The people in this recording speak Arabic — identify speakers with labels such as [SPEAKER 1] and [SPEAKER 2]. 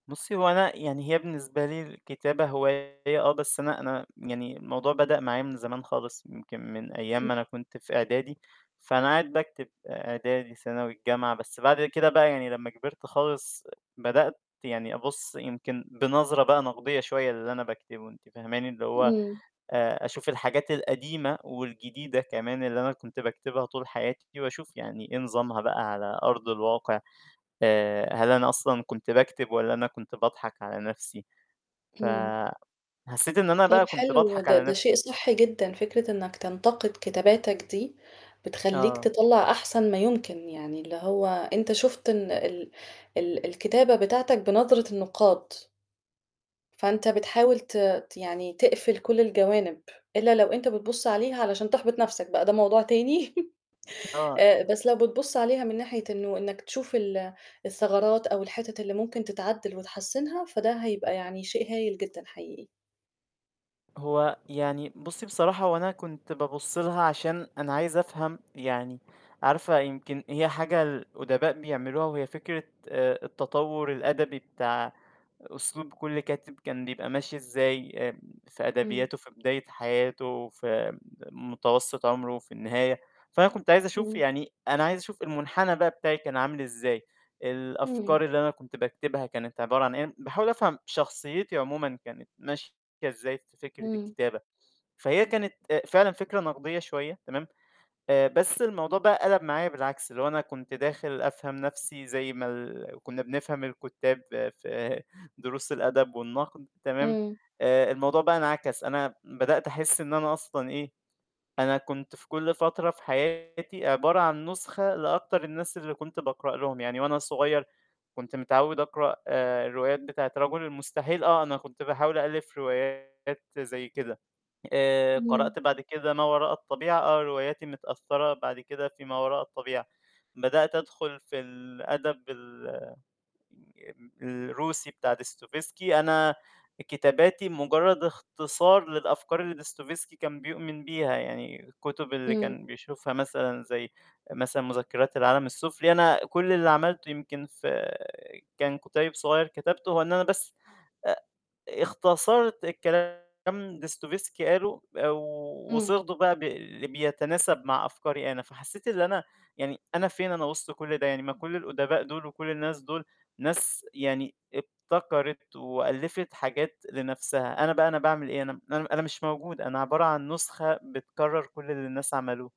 [SPEAKER 1] بُصّي، هو أنا يعني هي بالنسبة لي الكتابة هواية، آه بس أنا أنا يعني الموضوع بدأ معايا من زمان خالص، يمكن من أيام
[SPEAKER 2] [unintelligible]
[SPEAKER 1] ما أنا كنت في إعدادي، فأنا قاعد باكتب إعدادي، ثانوي، الجامعة، بس بعد كده بقى يعني لمّا كبِرت خالص بدأت يعني أبُصّ يمكن بنظرة بقى نقدية شوية للي أنا باكتبه، أنتِ فاهماني، اللي هو
[SPEAKER 2] إمم.
[SPEAKER 1] آآ أشوف الحاجات القديمة والجديدة كمان اللي أنا كنت باكتبها طول حياتي، وأشوف يعني إيه نظامها بقى على أرض الواقع، آآ هل أنا أصلًا كنت باكتب والّا أنا كنت باضحك على نَفْسي؟
[SPEAKER 2] إمم.
[SPEAKER 1] فحسّيت إن أنا
[SPEAKER 2] طيب
[SPEAKER 1] بقى كنت
[SPEAKER 2] حلو،
[SPEAKER 1] باضحك
[SPEAKER 2] ده
[SPEAKER 1] على
[SPEAKER 2] ده
[SPEAKER 1] نِفْسي.
[SPEAKER 2] شيء صحّي جدًا، فكرة إنك تنتقد كتاباتك دي، بتخلّيك
[SPEAKER 1] آه.
[SPEAKER 2] تطلَّع أحسن ما يمكن، يعني اللي هو أنت شُفت إن ال ال الكتابة بتاعتك بنظرة النُقّاد. فأنت بتحاول ت ت يعني تقفل كلّ الجوانب، الّا لو أنت بتبُصّ عليها علشان تحبط نفْسك بقى ده موضوع تاني،
[SPEAKER 1] آه.
[SPEAKER 2] آآ
[SPEAKER 1] أ
[SPEAKER 2] بس لو بتبُصّ عليها من ناحية إنه إنك تشوف ال الثغرات أو الحتت اللي ممكن تتعدّل وتحسّنها، فده هيبقى يعني شيء هايل جدًا حقيقي.
[SPEAKER 1] هو يعني بُصّي بصراحة هو أنا كنت بابُصّ لها عشان أنا عايز أفهم يعني عارفة يمكن هي حاجة الأدباء بيعملوها، وهي فكرة آآ التطوّر الأدبي بتاع أسلوب كلّ كاتب، كان بيبقى ماشي إزاي، آآ في
[SPEAKER 2] امم.
[SPEAKER 1] أدبياته في بداية حياته، في م متوسط عمره، في النهاية، فأنا كُنت عايز أشوف
[SPEAKER 2] امم.
[SPEAKER 1] يعني، أنا عايز أشوف المنحنى بقى بتاعي كان عامل إزاي،
[SPEAKER 2] امم.
[SPEAKER 1] الأفكار اللي أنا كُنت باكتبها كانت عبارة عن إيه، باحاول أفهم شخصيّتي عمومًا كانت ماشية إزاي في فكرة
[SPEAKER 2] امم.
[SPEAKER 1] الكتابة، فهي كانت آآ فعلًا فكرة نقدية شوية، تمام، آآ بس الموضوع بقى قَلب معايا بالعكس، اللي هو أنا كنت داخل أفهم نَفْسي زي ما ال كنا بنفهم الكُتّاب في دروس الأدب والنقد، تمام،
[SPEAKER 2] امم.
[SPEAKER 1] آآ الموضوع بقى انعكس، أنا بدأت أحس إن أنا أصلًا إيه، أنا كنت في كلّ فترة في حياتي عبارة عن نسخة لأكتر الناس اللي كنت باقرأ لهم، يعني وأنا صغيّر كنت متعوّد أقرأ الروايات بتاعة رجل المستحيل، آه أنا كنت باحاول أألّف روايات زي كده، آآ
[SPEAKER 2] امم.
[SPEAKER 1] قرأت بعد كده ما وراء الطبيعة، آه رواياتي متأثّرة بعد كده في ما وراء الطبيعة، بدأت أدخل في الأدب ال آآ الروسي بتاع ديستوفيسكي، أنا كتاباتي مجرّد اختصار للأفكار اللي ديستوفيسكي كان بيؤمن بيها، يعني الكتب اللي
[SPEAKER 2] امم.
[SPEAKER 1] كان بيشوفها مثلًا زي مثلًا مذكرات العالم السفلي، أنا كلّ اللي عملته يمكن في آآ، كان كُتيب صغيّر كتبته، هو إن أنا بس آآ اختصرت الكلام اللي ديستوفيسكي قاله
[SPEAKER 2] امم.
[SPEAKER 1] وصيغته بقى بي بيتناسب مع أفكاري أنا، فحسّيت إن أنا يعني أنا فين أنا وسط كلّ ده يعني ما كلّ الأدباء دُول وكلّ الناس دول ناس يعني ابتكرِت وألّفِت حاجات لنفْسها، أنا بقى أنا بعمل إيه؟ أنا م أنا أنا مش موجود، أنا عبارة عن نسخة بتكرّر كلّ اللي الناس عملوه.